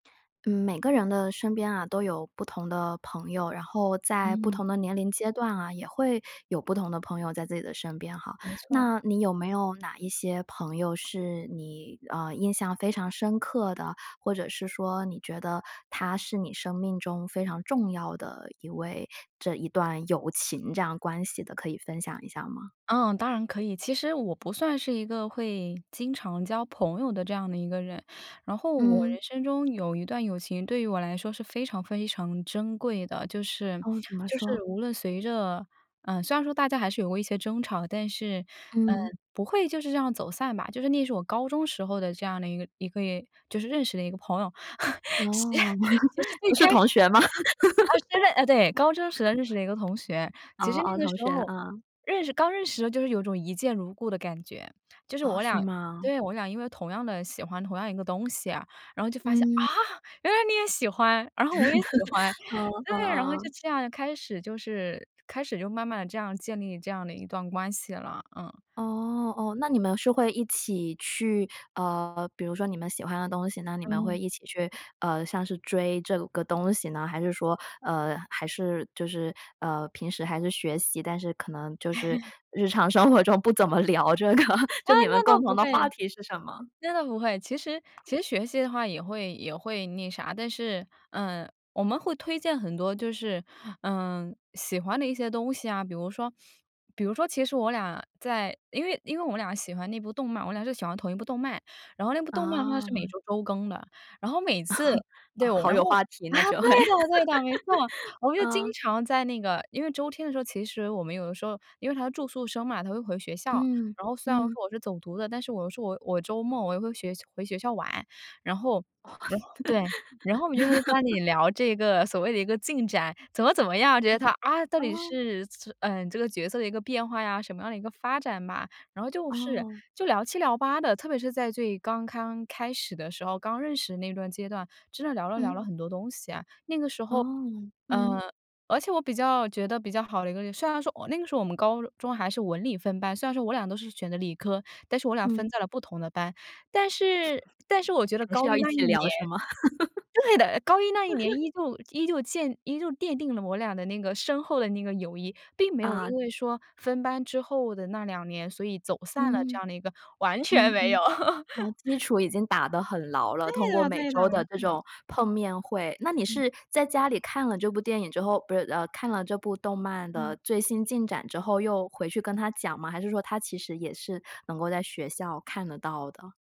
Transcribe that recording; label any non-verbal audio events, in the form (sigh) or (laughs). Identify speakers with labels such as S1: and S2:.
S1: 嗯，每个人的身边啊，都有不同的朋友，然后在不
S2: 嗯。
S1: 同的年龄阶段啊，也会有不同的朋友在自己的身边哈。
S2: 没错。
S1: 那你有没有哪一些朋友是你，呃，印象非常深刻的，或者是说你觉得他是你生命中非常重要的一位，这一段友情这样关系的，可以分享一下儿吗？
S2: 嗯，当然可以。其实我不算是一个会经常交朋友的这样的一个人，然后我
S1: 嗯。
S2: 人生中有一段友情对于我来说是非常非常珍贵的，就是
S1: 哦，怎么
S2: 就
S1: 说？
S2: 是无论随着，呃，虽然说大家还是有过一些争吵，但是，呃，
S1: 嗯。
S2: 不会就是这样走散吧。就是那是我高中时候的这样的一个一个也就是认识的一个朋友，(laughs) 其其
S1: 哦，
S2: 实
S1: (chuckles)
S2: 最
S1: 不是
S2: 开始
S1: 同学吗？
S2: 啊，真的呃，对，高中时代认识
S1: (laughs)
S2: 了一个同学，
S1: 哦
S2: 其实那
S1: 哦，
S2: 个
S1: 同
S2: 时
S1: 学，
S2: 候
S1: 啊。
S2: 认识刚认识的时候就是有种一见如故的感觉，就是
S1: 哦，
S2: 我
S1: 是
S2: 俩
S1: 吗？
S2: 对，我俩因为同样地喜欢同样一个东西啊，然后就发现，啊，
S1: 嗯。
S2: 原来你也喜欢，然后我也喜欢。
S1: (chuckles) 哦，哦
S2: 对，然后就
S1: 哦。
S2: 这样开始就是开始就慢慢地这样建立这样的一段关系了，嗯。
S1: 哦哦，那你们是会一起去，呃，比如说你们喜欢的东西，那你们会
S2: 嗯。
S1: 一起去，呃，像是追这个东西呢？还是说，呃，还是就是，呃，平时还是学习，但是可能就是
S2: (chuckles)
S1: 日常生活中不怎么聊这个，(chuckles)
S2: 啊，
S1: 就你们
S2: 那倒
S1: 共同
S2: 不会，
S1: 的话题是什么？
S2: 真的不会。其实其实学习的话也会也会那啥，但是，呃，我们会推荐很多就是，嗯，喜欢的一些东西啊，比如说比如说其实我俩在因为因为我们俩喜欢那部动漫，我俩是喜欢同一部动漫，然后那部动漫的话是每
S1: 啊。
S2: 周周更的。然后每次
S1: (chuckles)
S2: 对，
S1: 好
S2: 然
S1: 有
S2: 后，
S1: 话题，
S2: 啊，
S1: 那
S2: 对
S1: 就会。
S2: 的对的，没错，
S1: (laughs)
S2: 我们就经
S1: 嗯。
S2: 常在那个因为周天的时候，其实我们有的时候因为她是住宿生嘛，她会回学校，
S1: 嗯，
S2: 然后虽然说
S1: 嗯。
S2: 我是走读的，但是我是我我周末我又会学回学校玩。然后然后对，然后我们就开始在班里
S1: (laughs)
S2: 聊这个所谓的一个进展，怎么怎么样？觉得
S1: 嗯，
S2: 他，啊，到底
S1: 哦。
S2: 是这呃，这个角色的一个变化呀，什么样的一个发展吧。然后就是
S1: 哦。
S2: 就聊七聊八的，特别是在最刚刚开始的时候，刚认识那段阶段真的聊了
S1: 嗯。
S2: 聊了很多东西啊。那个时候，
S1: 哦，嗯。
S2: 呃，而且我比较觉得比较好的一个虽然说我那个时候我们高中还是文理分班，虽然说我俩都是选的理科，但是我俩
S1: 嗯。
S2: 分在了不同的班。但是但是我觉得
S1: 还是
S2: 高
S1: 要
S2: 一
S1: 一
S2: 那一
S1: 起
S2: 年
S1: 聊是吗？(laughs)
S2: 对的，高一那一年
S1: (chuckles)
S2: 依旧依旧鉴依旧奠定了我俩的那个深厚的那个友谊，并没有
S1: 啊。
S2: 因为说分班之后的那2年，所以走散了这
S1: 嗯，
S2: 样的一个，完全
S1: 嗯
S2: 没有。
S1: 嗯，
S2: (laughs)
S1: 哦，基础已经打得很牢了，通
S2: 对
S1: 过
S2: 的
S1: 每
S2: 对的，
S1: 周
S2: 没
S1: 的这
S2: 错。
S1: 种碰面会。那你
S2: 嗯。
S1: 是在家里看了这部电影之后不是，呃，看了这部动漫
S2: 嗯。
S1: 的最新进展之后，又回去跟她讲吗？还是说她其实也是能够在学校看得到的。